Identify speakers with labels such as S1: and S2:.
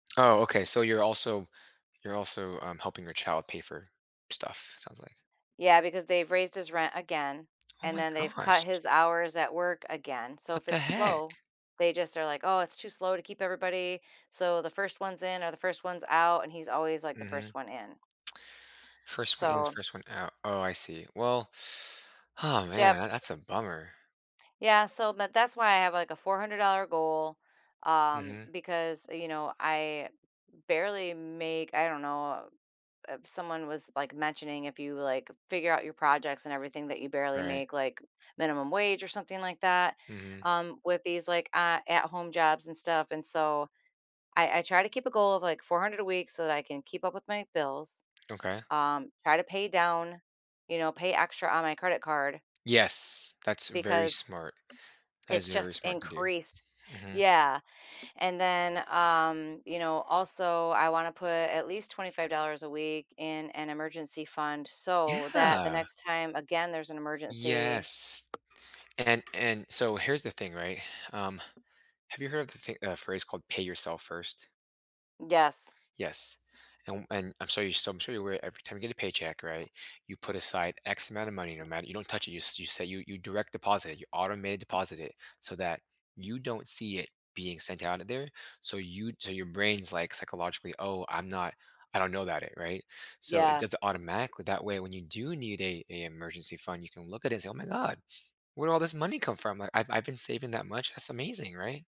S1: Oh, okay, so you're also you're also, um, helping your child pay for stuff, it sounds like.
S2: Yeah, because they've raised his rent again,
S1: Oh
S2: and
S1: my
S2: then they've cut
S1: gosh.
S2: his hours at work again. So
S1: What
S2: if
S1: the
S2: it's
S1: heck?
S2: slow, they just are like, "Oh, it's too slow to keep everybody. So the first one's in are the first one's out," and he's always like the first
S1: Mhm.
S2: one in.
S1: First one in is
S2: So
S1: first one out. Oh, I see. Well oh, man, tha
S2: Yep.
S1: that's a bummer.
S2: Yeah, so m that's why I have like a $400 goal, um,
S1: Mhm.
S2: because, uh, you know, I barely make, I don't know, if someone was like mentioning if you like figure out your projects and everything that you barely
S1: Right.
S2: make, like, minimum wage or something like that,
S1: Mhm.
S2: um, with these, like, uh, at home jobs and stuff, and so I I try to keep a goal of like 400 a week so that I can keep up with my bills.
S1: Okay.
S2: Um, try to pay down, you know, pay extra on my credit card
S1: Yes. That's very
S2: because
S1: smart. That
S2: it's
S1: is very
S2: just
S1: smart to do.
S2: increased.
S1: Mhm.
S2: Yeah. And then, um, you know, also I want to put at least $25 a week in an emergency fund so that the
S1: Yeah.
S2: next time again there's an emergency.
S1: Yes And, and so here's the thing, right? Um, have you heard of the thi of the phrase called pay yourself first?
S2: Yes.
S1: Yes. And w and I'm sorry so I'm sure you're aware every time you get a paycheck, right, you put aside x amount of money no matter you don't touch it you you say you you direct deposit it. You automated deposit it so that you don't see it being sent out of there. So you so your brain's like, psychologically, "Oh, I'm not, I don't know about it," right? So it
S2: Yeah.
S1: does it automatically. That way, when you do need a an emergency fund, you can look at it and say, "Oh my god. Where did all this money come from? Like, I've I've been saving that much. That's amazing," right?